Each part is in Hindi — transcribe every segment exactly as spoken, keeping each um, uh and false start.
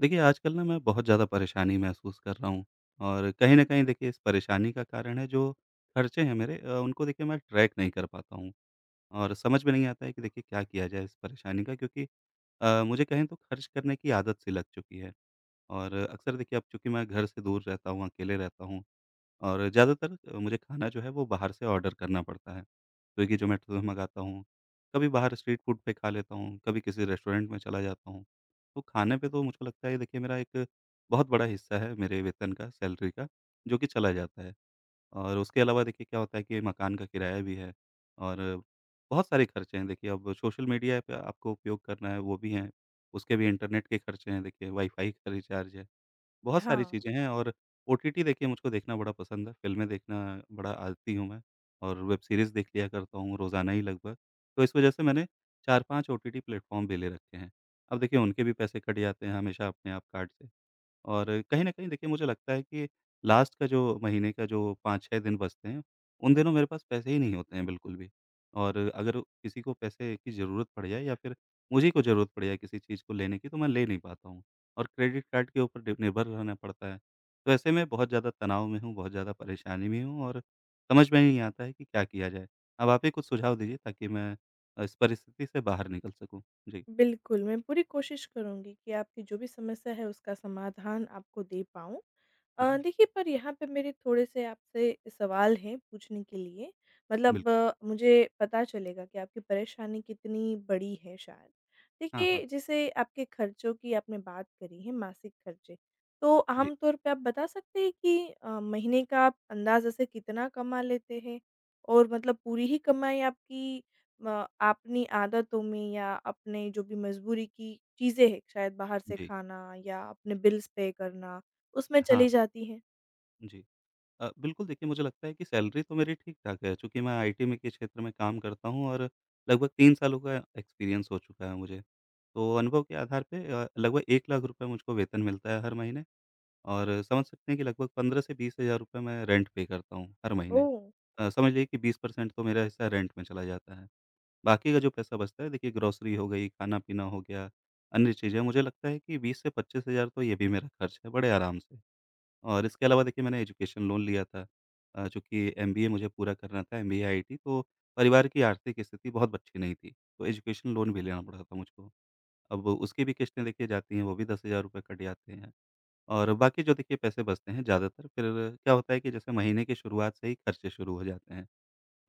देखिए, आजकल ना मैं बहुत ज़्यादा परेशानी महसूस कर रहा हूँ। और कहीं न कहीं देखिए इस परेशानी का कारण है जो खर्चे हैं मेरे, अ, उनको देखिए मैं ट्रैक नहीं कर पाता हूँ। और समझ में नहीं आता है कि देखिए क्या किया जाए इस परेशानी का क्योंकि अ, मुझे कहें तो खर्च करने की आदत-सी लग चुकी है। और अक्सर देखिए अब चूँकि मैं घर से दूर रहता हूँ, अकेले रहता हूँ और ज़्यादातर अ, मुझे खाना जो है वो बाहर से ऑर्डर करना पड़ता है। स्विगी, ज़ोमाटो से मँगाता हूँ, कभी बाहर स्ट्रीट फ़ूड पे खा लेता हूँ, कभी किसी रेस्टोरेंट में चला जाता हूँ। तो खाने पे तो मुझको लगता है ये देखिए मेरा एक बहुत बड़ा हिस्सा है मेरे वेतन का, सैलरी का जो कि चला जाता है। और उसके अलावा देखिए क्या होता है कि मकान का किराया भी है और बहुत सारे खर्चे हैं। देखिए अब सोशल मीडिया ऐप आपको उपयोग करना है वो भी हैं। उसके भी इंटरनेट के खर्चे हैं देखिए वाई-फ़ाई का रिचार्ज है। बहुत सारी हाँ। चीजें हैं और ओ टी टी देखिए मुझको देखना बड़ा पसंद है, फिल्में देखना बड़ा आदती हूँ मैं, और वेब सीरीज़ देख लिया करता हूँ रोज़ाना ही लगभग। तो इस वजह से मैंने चार पाँच ओटीटी प्लेटफ़ॉर्म भी ले रखे हैं। अब देखिए उनके भी पैसे कट जाते हैं हमेशा अपने आप कार्ड से। और कहीं न कहीं देखिए मुझे लगता है कि लास्ट का जो महीने का जो पाँच छह दिन बचते हैं, उन दिनों मेरे पास पैसे ही नहीं होते हैं बिल्कुल भी। और अगर किसी को पैसे की ज़रूरत पड़ जाए या फ़िर मुझे ही कोई ज़रूरत पड़ जाए किसी चीज़ को लेने की। तो मैं ले नहीं पाता हूँ, और क्रेडिट कार्ड के ऊपर डि निर्भर रहना पड़ता है। तो ऐसे में बहुत ज़्यादा तनाव में हूँ, बहुत ज़्यादा परेशानी में हूँ और समझ में नहीं आता है कि क्या किया जाए। अब आप ही कुछ सुझाव दीजिए ताकि मैं अ, इस परिस्थिति से बाहर निकल सकूँ? जी। बिल्कुल, मैं पूरी कोशिश करूँगी कि आपकी जो भी समस्या है उसका समाधान आपको दे पाऊँ। अ, जी। देखिए, पर यहाँ पर मेरे थोड़े-से आपसे सवाल हैं पूछने के लिए, बिल्क मतलब मुझे पता चलेगा कि आपकी परेशानी कितनी बड़ी है शायद। हाँ, हाँ। देखिए, जैसे आपके खर्चों की आपने बात करी है, मासिक खर्चे, तो जी। आमतौर पे आप बता सकते हैं कि अ, महीने का अंदाज़े से कितना कमा लेते हैं? और मतलब पूरी ही कमाई आपकी म अपनी आदतों में या अपने जो भी मज़बूरी की चीज़ें हैं, शायद बाहर से जी। खाना या अपने बिल्स पे करना। उसमें चली हाँ। जाती हैं? जी। अ, बिल्कुल देखिए मुझे लगता है कि सैलरी तो मेरी ठीक-ठाक है चूँकि मैं आईटी में के क्षेत्र में काम करता हूँ और लगभग तीन सालों का एक्सपीरियंस हो चुका है मुझे। तो अनुभव के आधार पे अ, लगभग एक लाख मुझको वेतन मिलता है हर महीने, और समझ सकते हैं कि लगभग पंद्रह से बीस हज़ार रुपए मैं रेंट पे करता हूँ हर महीने। ओह! अ, समझ लीजिए कि बीस परसेंट तो मेरा हिस्सा रेंट में चला जाता है। बाकी का जो पैसा बचता है देखिए ग्रोसरी हो गई, ख़ाना-पीना हो गया, अन्य चीज़ें। मुझे लगता है कि बीस से पच्चीस हज़ार तो ये भी मेरा ख़र्च है बड़े आराम से। और इसके अलावा देखिए मैंने एजुकेशन लोन लिया था अ, चूँकि एमबीए मुझे पूरा करना था एमबीए आईटी तो परिवार की आर्थिक स्थिति बहुत अच्छी नहीं थी, तो एजुकेशन लोन भी लेना पड़ा था मुझको। अब वो उसकी भी किश्तें देखिए जाती हैं वो भी दस हज़ार रुपए कट जाते हैं, और बाकी जो देखिए पैसे बचते हैं ज़्यादातर फ़िर क्या होता है कि जैसे महीने के शुरुआत से ही ख़र्चे शुरू हो जाते हैं।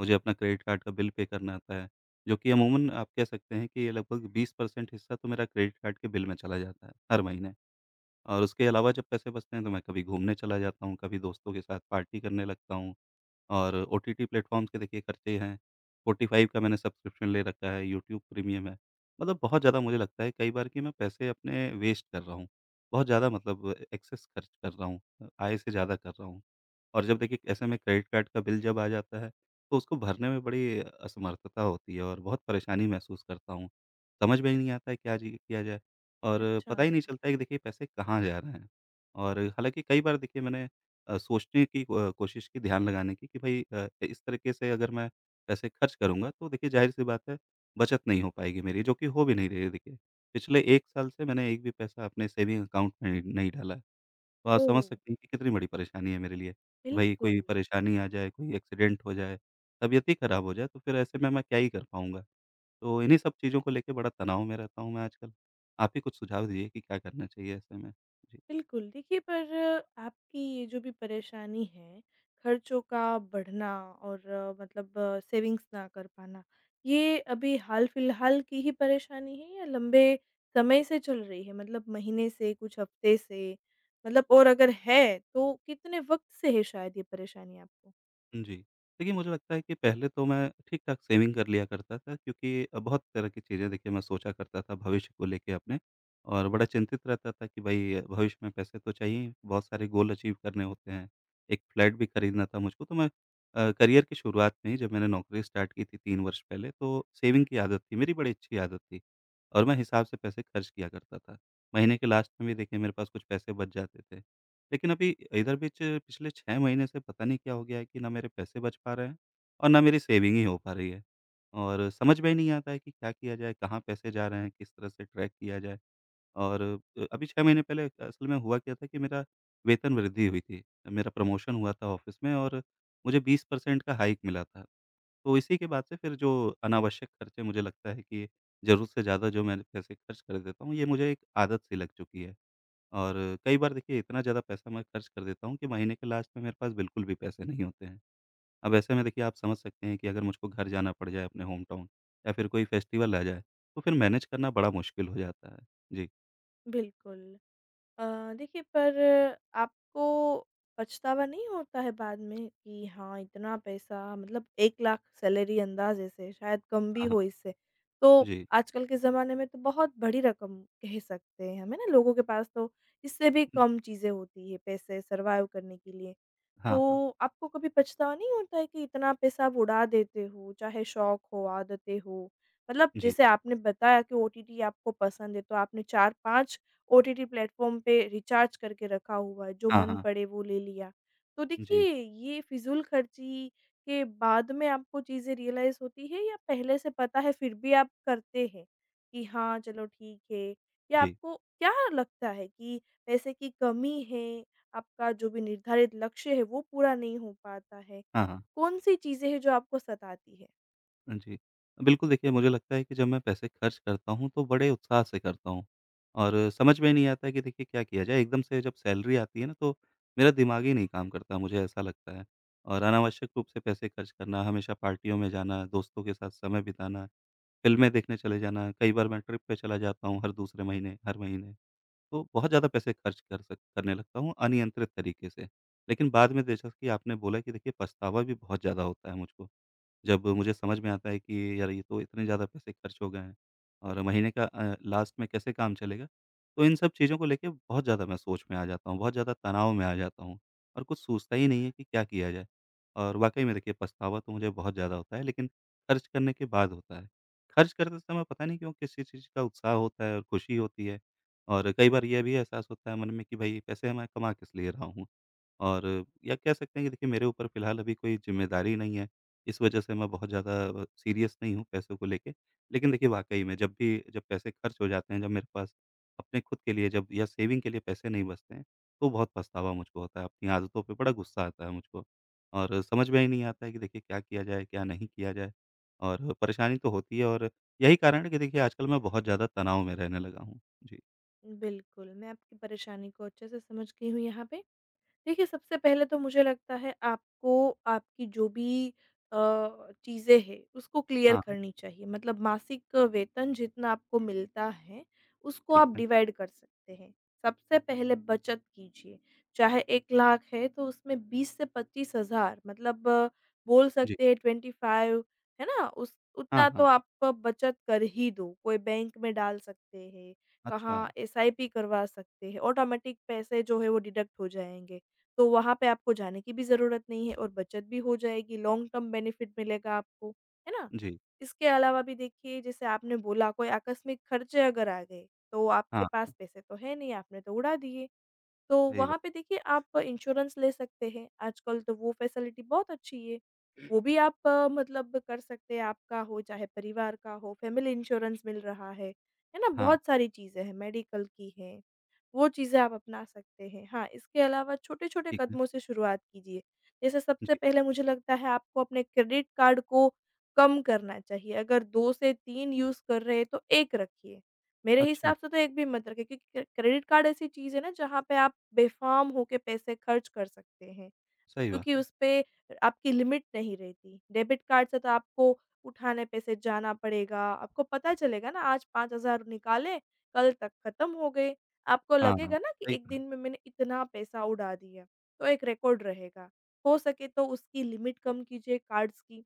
मुझे अपना क्रेडिट कार्ड का बिल पे करना होता है, जो कि अमूमन आप कह सकते हैं कि ये लगभग बीस परसेंट हिस्सा तो मेरा क्रेडिट कार्ड के बिल में चला जाता है हर महीने। और उसके अलावा जब पैसे बचते हैं तो मैं कभी घूमने चला जाता हूँ, कभी दोस्तों के साथ पार्टी करने लगता हूँ, और ओटीटी प्लेटफॉर्म्स के देखिए ख़र्चे हैं। स्पॉटिफाय का मैंने सब्सक्रिप्शन ले रखा है, यूट्यूब प्रीमियम है, मतलब बहुत ज़्यादा मुझे लगता है कई बार कि मैं पैसे अपने वेस्ट कर रहा हूँ। बहुत ज़्यादा मतलब एक्सेस ख़र्च कर रहा हूँ अ, आय से ज़्यादा कर रहा हूँ। और जब देखिए ऐसे में क्रेडिट कार्ड का बिल जब आ जाता है तो उसको भरने में बड़ी असमर्थता होती है और बहुत परेशानी महसूस करता हूँ। समझ में ही नहीं आता है क्या जी किया जाए और पता अच्छा। ही नहीं चलता है कि देखिए पैसे कहाँ जा रहे हैं, और हालाँकि कई बार देखिए मैंने अ, सोचने की अ, कोशिश की ध्यान लगाने की कि भई अ, इस तरीक़े से अगर मैं पैसे ख़र्च करूँगा तो देखिए ज़ाहिर-सी बात है बचत नहीं हो पाएगी मेरी जो कि हो भी नहीं रही है देखिए। पिछले एक साल से मैंने एक भी पैसा अपने सेविंग अकाउंट में नहीं डाला है। तो आप ओह समझ हो! सकती हैं कि कितनी बड़ी परेशानी है मेरे लिए, कि भई बिल्कुल। कोई परेशानी आ जाए, कोई एक्सीडेंट हो जाए, तबीयत ही ख़राब हो जाए तो फ़िर ऐसे में मैं क्या ही कर पाऊँगा, तो इन्हीं सब चीज़ों को लेके बड़ा तनाव में रहता हूँ मैं आजकल। आप ही कुछ सुझाव दीजिए कि क्या करना चाहिए ऐसे में। जी। बिल्कुल, देखिए पर आपकी ये जो भी परेशानी है ख़र्चों का बढ़ना और मतलब सेविंग्स ना कर पाना, ये अभी हाल-फिलहाल की ही परेशानी है या लंबे समय से चल रही है मतलब महीने से, कुछ हफ्ते से? मतलब और अगर है तो कितने वक़्त से है शायद ये परेशानी आपको? हुँ, जी देखिए मुझे लगता है कि पहले तो मैं ठीक-ठाक सेविंग कर लिया करता था। क्योंकि बहुत तरह की चीज़ें देखिए मैं सोचा करता था भविष्य को लेके अपने और बड़ा चिंतित रहता था कि भाई भविष्य में पैसे तो चाहिए ही। बहुत सारे गोल अचीव करने होते हैं। एक फ्लैट भी खरीदना था मुझको तो मैं अ, करियर की शुरुआत में ही जब मैंने नौकरी स्टार्ट की थी तीन वर्ष पहले। तो सेविंग की आदत थी, मेरी बड़ी अच्छी आदत थी और मैं हिसाब से पैसे खर्च किया करता था। महीने के लास्ट में भी देखिए मेरे पास कुछ पैसे बच जाते थे, लेकिन अभी इधर बीच पिछले छह महीने से पता नहीं क्या हो गया है कि ना मेरे पैसे बच पा रहे हैं और ना मेरी सेविंग ही हो पा रही है। और समझ में ही नहीं आता है कि क्या किया जाए, कहाँ पैसे जा रहे हैं, किस तरह से ट्रैक किया जाए? और अ, अभी छह महीने पहले असल में हुआ क्या था कि मेरा वेतन वृद्धि हुई थी, मेरा प्रमोशन हुआ था ऑफिस में और मुझे बीस परसेंट का हाइक मिला था। तो इसी के बाद से फ़िर जो अनावश्यक खर्चे मुझे लगता है कि ज़रूरत से ज़्यादा जो मैंने पैसे खर्च कर देता हूँ ये मुझे एक आदत-सी लग चुकी है। और कई बार देखिए इतना ज़्यादा पैसा मैं खर्च कर देता हूँ कि महीने के लास्ट में मेरे पास बिल्कुल भी पैसे नहीं होते हैं। अब ऐसे में देखिए आप समझ सकते हैं कि अगर मुझको घर जाना पड़ जाए अपने होमटाउन या फ़िर कोई फेस्टिवल आ जाए। तो फ़िर मैनेज करना बड़ा मुश्किल हो जाता है। जी। बिल्कुल। अ, देखिए पर आपको पछतावा नहीं होता है बाद में कि हाँ, इतना पैसा मतलब एक लाख सैलरी अंदाज़े से, शायद कम भी हाँ, हाँ। हो इससे। तो जी। आजकल के ज़माने में तो बहुत बड़ी रकम कह सकते हैं हम। लोगों के पास तो इससे भी जी। कम चीज़ें होती हैं पैसे सर्वाइव करने के लिए। हाँ, हाँ। तो आपको कभी पछतावा नहीं होता है कि इतना पैसा आप उड़ा देते हो, चाहे शौक हो, आदतें हो। मतलब जी। जैसे आपने बताया कि ओटीटी आपको पसंद है तो आपने चार पाँच ओटीटी प्लेटफ़ार्म पे रिचार्ज करके रखा हुआ है, जो हाँ, मन हाँ। पड़े वो ले लिया। तो जी। देखिए, ये फ़िज़ूलख़र्ची के बाद में आपको चीज़ें रियलाइज़ होती हैं या पहले से पता है फ़िर भी आप करते हैं कि हाँ चलो ठीक है। या जी। आपको क्या लगता है कि पैसे की कमी है? आपका जो भी निर्धारित लक्ष्य है वो पूरा नहीं हो पाता है। हाँ, हाँ। कौन-सी चीज़ें हैं जो आपको सताती हैं? हाँ जी। अ, बिल्कुल देखिए मुझे लगता है कि जब मैं पैसे ख़र्च करता हूँ तो बड़े उत्साह से करता हूँ और समझ में नहीं आता है कि देखिए क्या किया जाए। एकदम से जब सैलरी आती है ना तो मेरा दिमाग ही नहीं काम करता मुझे ऐसा लगता है। और अनावश्यक रूप से पैसे ख़र्च करना, हमेशा पार्टियों में जाना, दोस्तों के साथ समय बिताना, फिल्में देखने चले जाना। कई बार मैं ट्रिप पे चला जाता हूँ हर दूसरे महीने, हर महीने। तो बहुत ज़्यादा पैसे ख़र्च कर स करने लगता हूँ अनियंत्रित तरीक़े से। लेक़िन बाद में जैसा कि आपने बोला कि देखिए पछतावा भी बहुत ज़्यादा होता है मुझको। जब मुझे समझ में आता है कि यार ये तो इतने ज़्यादा पैसे ख़र्च हो गए हैं और महीने का अ, लास्ट में कैसे काम चलेगा। तो इन सब चीज़ों को लेके बहुत ज़्यादा मैं सोच में आ जाता हूँ। बहुत ज़्यादा तनाव में आ जाता हूँ और कुछ सूझता ही नहीं है कि क्या किया जाए। और वाक़ई में देखिए पछतावा तो मुझे बहुत ज़्यादा होता है लेक़िन ख़र्च करने के बाद होता है। ख़र्च करते समय पता नहीं क्यों किसी किस चीज़ का उत्साह होता है और खुशी होती है। और कई बार ये भी एहसास होता है मन में कि भाई पैसे मैं कमा किस लिए रहा हूँ। और या कह सकते हैं कि देखिए मेरे ऊपर फ़िलहाल अभी कोई ज़िम्मेदारी नहीं है। इस वजह से मैं बहुत ज़्यादा अ, सीरियस नहीं हूँ पैसों को लेके। लेक़िन देखिए वाक़ई में जब भी जब पैसे ख़र्च हो जाते हैं, जब मेरे पास अपने ख़ुद के लिए जब या सेविंग के लिए पैसे नहीं बचते हैं तो बहुत पछतावा मुझको होता है। अपनी आदतों पे बड़ा गुस्सा आता है मुझको और समझ में ही नहीं आता है कि देखिए क्या किया जाए, क्या नहीं किया जाए? और परेशानी तो होती है और यही कारण है कि देखिए आजकल मैं बहुत ज़्यादा तनाव में रहने लगा हूँ। जी। बिल्कुल, मैं आपकी परेशानी को अच्छे से समझ गई हूँ यहाँ पे। देखिए सबसे पहले तो मुझे लगता है आपको आपकी जो भी अ, चीज़ें हैं उसको क्लियर हाँ। करनी चाहिए। मतलब मासिक वेतन जितना आपको मिलता है, उसको ठीक आप है। डिवाइड कर सकते हैं, सबसे पहले बचत कीजिए। चाहे एक लाख है तो उसमें बीस से पच्चीस हज़ार मतलब बोल जी। सकते हैं ट्वेंटी फाइव है ना? उस उतना हाँ, तो हाँ। आपको बचत कर ही दो। कोई बैंक में डाल सकते हैं, कहाँ अच्छा। एस आई पी करवा सकते हैं, ऑटोमेटिक पैसे जो है वो डिडक्ट हो जाएँगे। तो वहाँ पे आपको जाने की भी ज़रूरत नहीं है और बचत भी हो जाएगी लॉन्ग टर्म बेनिफिट मिलेगा आपको। है ना? जी। इसके अलावा भी देखिए जैसे आपने बोला कोई आकस्मिक खर्चे अगर आ गए, तो आपके हाँ। पास पैसे तो हैं नहीं, आपने तो उड़ा दिए। तो सही बा वहाँ पे देखिए आप इंश्योरेंस ले सकते हैं, आजकल तो वो फैसिलिटी बहुत अच्छी है, वो भी आप मतलब कर सकते हैं। आपका हो चाहे परिवार का हो, फैमिली इंश्योरेंस मिल रहा है। है ना? हाँ। बहुत सारी चीज़ें हैं मेडिकल की हैं, वो चीज़ें आप अपना सकते हैं। हाँ, इसके अलावा छोटे-छोटे ठीक है। कदमों से शुरुआत कीजिए, जैसे सबसे जी। पहले मुझे लगता है आपको अपने क्रेडिट कार्ड को कम करना चाहिए, अगर दो से तीन यूज़ कर रहे हैं। तो एक रखिए, मेरे अच्छा। हिसाब से तो एक भी मत रखिए क्योंकि क्रे क्रेडिट कार्ड ऐसी चीज़ है ना जहाँ पे आप बेफ़र्म होके पैसे खर्च कर सकते हैं। सही क्योंकि बात। उस पे आपकी लिमिट नहीं रहती, डेबिट कार्ड से तो आपको उठाने पैसे जाना पड़ेगा, आपको पता चलेगा ना आज पाँच हज़ार निकाले, कल तक खत्म हो गए। आपको हाँ, लगेगा ना कि सही एक कहा। दिन में मैंने इतना पैसा उड़ा दिया, तो एक रिकॉर्ड रहेगा। हो सके तो उसकी लिमिट कम कीजिए कार्ड्स की,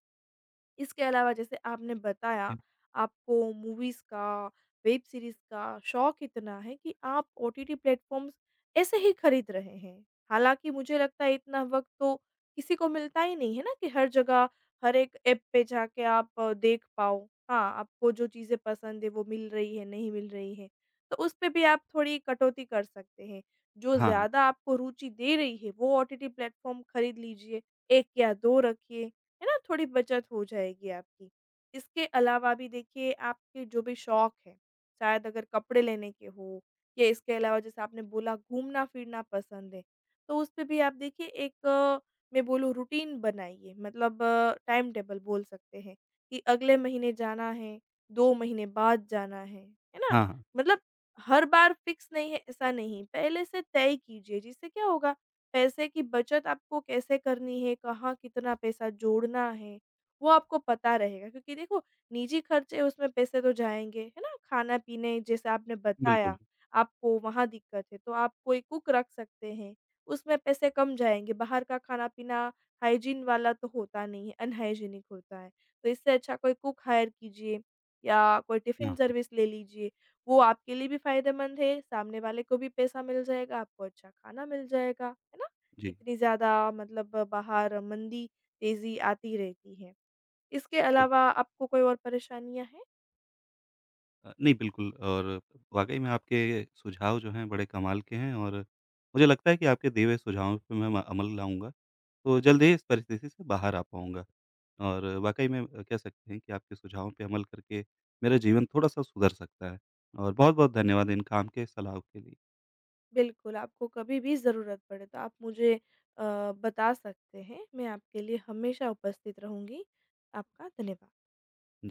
इसके अलावा जैसे आपने बताया आपको मूवीज़ का, वेब सीरीज़ का शौक इतना है कि आप ओ टी टी प्लेटफॉर्म्स ऐसे ही खरीद रहे हैं। हालाँकि मुझे लगता है इतना वक़्त तो किसी को मिलता ही नहीं है ना कि हर जगह, हर एक ऐप पे जाके आप देख पाओ। हाँ, आपको जो चीज़ें पसंद है वो मिल रही है, नहीं मिल रही है। तो उस पे भी आप थोड़ी कटौती कर सकते हैं, जो हाँ, हाँ। ज़्यादा आपको रुचि दे रही है वो ओ टी टी प्लेटफॉर्म खरीद लीजिए, एक या दो रखिए। है ना? थोड़ी बचत हो जाएगी आपकी। इसके अलावा भी देखिए आपके जो भी शौक हैं, शायद अगर कपड़े लेने के हो या इसके अलावा जैसे आपने बोला घूमना-फिरना पसंद है। तो उस पे भी आप देखिए एक मैं बोलूँ रूटीन बनाइए मतलब टाइम-टेबल बोल सकते हैं कि अगले महीने जाना है, दो महीने बाद जाना है। है ना? हाँ, हाँ। मतलब हर बार फिक्स नहीं है ऐसा नहीं, पहले से तय कीजिए। जिससे क्या होगा पैसे की बचत आपको कैसे करनी है, कहाँ कितना पैसा जोड़ना है वो आपको पता रहेगा, क्योंकि देखो निजी खर्चे हैं उसमें पैसे तो जाएँगे। है ना? खाना-पीने जैसे आपने बिल्कुल। बताया, आपको वहाँ दिक्कत है। तो आप कोई कुक रख सकते हैं, उसमें पैसे कम जाएँगे। बाहर का खाना-पीना हाइजीन वाला तो होता नहीं है, अनहाइजीनिक होता है। तो इससे अच्छा कोई कुक हायर कीजिए या कोई टिफिन हाँ। सर्विस ले लीजिए। वो आपके लिए भी फायदेमंद है, सामने वाले को भी पैसा मिल जाएगा, आपको अच्छा खाना मिल जाएगा। है ना? जी। इतनी ज़्यादा मतलब बाहर मंदी, तेज़ी आती रहती है। इसके बिल अलावा आपको कोई और परेशानियाँ हैं? अ, नहीं बिल्कुल और वाक़ई में आपके सुझाव जो हैं बड़े कमाल के हैं और मुझे लगता है कि आपके दिए हुए सुझावों पे मैं अमल लाऊँगा, तो जल्द ही इस परिस्थिति से बाहर आ पाऊँगा। और वाक़ई में कह सकते हैं कि आपके सुझावों पर अमल करके, मेरा जीवन थोड़ा-सा सुधर सकता है और बहुत-बहुत धन्यवाद इन काम के सलाहो के लिए। बिल्कुल, आपको कभी भी ज़रूरत पड़े तो आप मुझे अ, बता सकते हैं। मैं आपके लिए हमेशा उपस्थित रहूँगी। आपका धन्यवाद। जी।